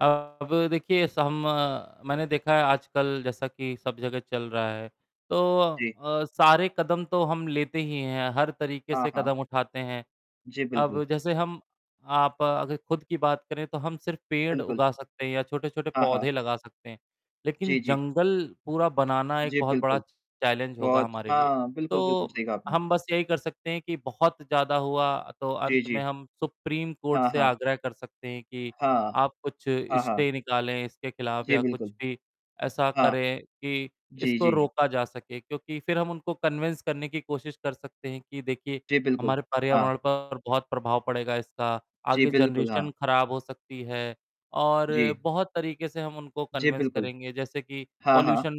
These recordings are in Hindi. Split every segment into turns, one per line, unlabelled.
अब देखिए सम मैंने देखा है आजकल जैसा कि सब जगह चल रहा है, तो
जी।
अ, सारे कदम तो हम लेते ही हैं, हर तरीके से
हाँ, हाँ।
कदम उठाते हैं।
जी,
अब
बिल्कुल।
जैसे हम आप अगर खुद की बात करें तो हम सिर्फ़ पेड़
बिल्कुल।
उगा सकते हैं या छोटे-छोटे
हाँ, हाँ।
पौधे लगा सकते हैं, लेकिन
जी, जी।
जंगल पूरा बनाना एक
जी
बहुत बड़ा
बिल्कुल।
चैलेंज होगा
बहुत
हमारे लिए।
हाँ बिल्कुल, बिल्कुल
तो
सही कहा आपने।
हम बस यही कर सकते हैं कि बहुत ज़्यादा हुआ तो
जी,
अंत में
जी।
हम सुप्रीम कोर्ट
हाँ,
से
हाँ।
आग्रह कर सकते हैं कि
हाँ,
आप कुछ
हाँ,
स्टे
हाँ।
निकालें इसके खिलाफ
जी
या कुछ
बिल्कुल।
भी ऐसा
हाँ,
करें कि
जी,
इसको
जी।
रोका जा सके क्योंकि फिर हम उनको कन्विन्स करने की कोशिश कर सकते हैं कि देखिए,
जी बिल्कुल,
हमारे
हाँ।
पर्यावरण पर बहुत प्रभाव पड़ेगा इसका,
जी
आगे
बिल्कुल,
जनरेशन
हाँ।
ख़राब हो सकती है और
जी।
बहुत तरीके से हम उनको
जी
कन्विन्स
बिल्कुल,
करेंगे जैसे कि
हाँ, हाँ।
पॉल्यूशन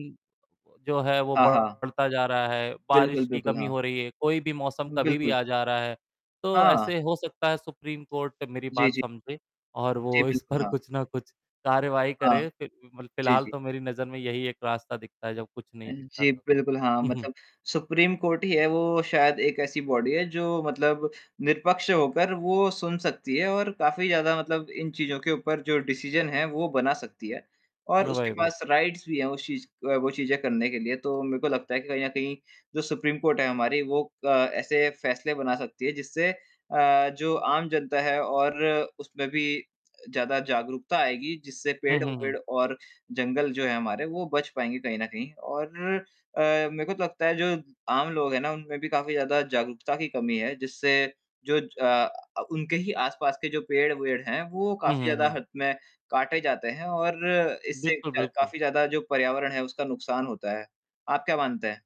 जो है वो
हाँ, हाँ।
बढ़ता जा रहा है। बारिश
बिल्कुल,
की
बिल्कुल
कमी
हाँ।
हो रही है, कोई भी मौसम कभी भी
बिल्कुल।
आ जा रहा है, तो
हाँ।
ऐसे हो सकता है सुप्रीम कोर्ट मेरी
जी,
बात
जी।
समझे और
जी,
वो इस
बिल्कुल,
पर
हाँ।
कुछ ना कुछ कार्यवाही
हाँ।
करे। फि अ, मल
जी,
फिलहाल
जी।
तो मेरी नज़र में यही एक रास्ता दिखता है जब कुछ
अ,
नहीं दिखता
जी,
तो।
बिल्कुल हाँ
हुँ, हुँ।
मतलब सुप्रीम कोर्ट ही है वो शायद एक ऐसी बॉडी है जो मतलब निष्पक्ष होकर वो सुन सकती है और काफ़ी ज़्यादा मतलब इन चीज़ों के ऊपर जो डिसिज़न है, वो बना सकती है और
हाँ, वही,
उसके
वही।
पास राइट्स भी हैं उस चीज अ, वो चीज़ें करने के लिए। तो मेरे को लगता है कि कहीं न कहीं जो सुप्रीम कोर्ट है हमारी वो अ, ऐसे फैसले बना सकती है जिससे अ, जो आम जनता है और उसमें भी ज़्यादा जागरूकता आएगी जिससे
हुँ, हुँ, हुँ।
पेड़-वेड़ और जंगल जो है हमारे वो बच पाएँगे कहीं न कहीं। और अ, मेरे को तो लगता है जो आम लोग हैं ना उनमें भी काफ़ी ज़्यादा जागरूकता की कमी है जिससे जो ज अ, उनके ही आसपास के जो पेड़-वेड़ हैं, वो
हुँ,
काफ़ी
हुँ,
ज़्यादा
हुँ।
हद में काटे जाते हैं और इससे
बिल्कुल,
क
बिल्कुल।
काफ़ी ज़्यादा जो पर्यावरण है उसका नुकसान होता है। आप क्या मानते हैं?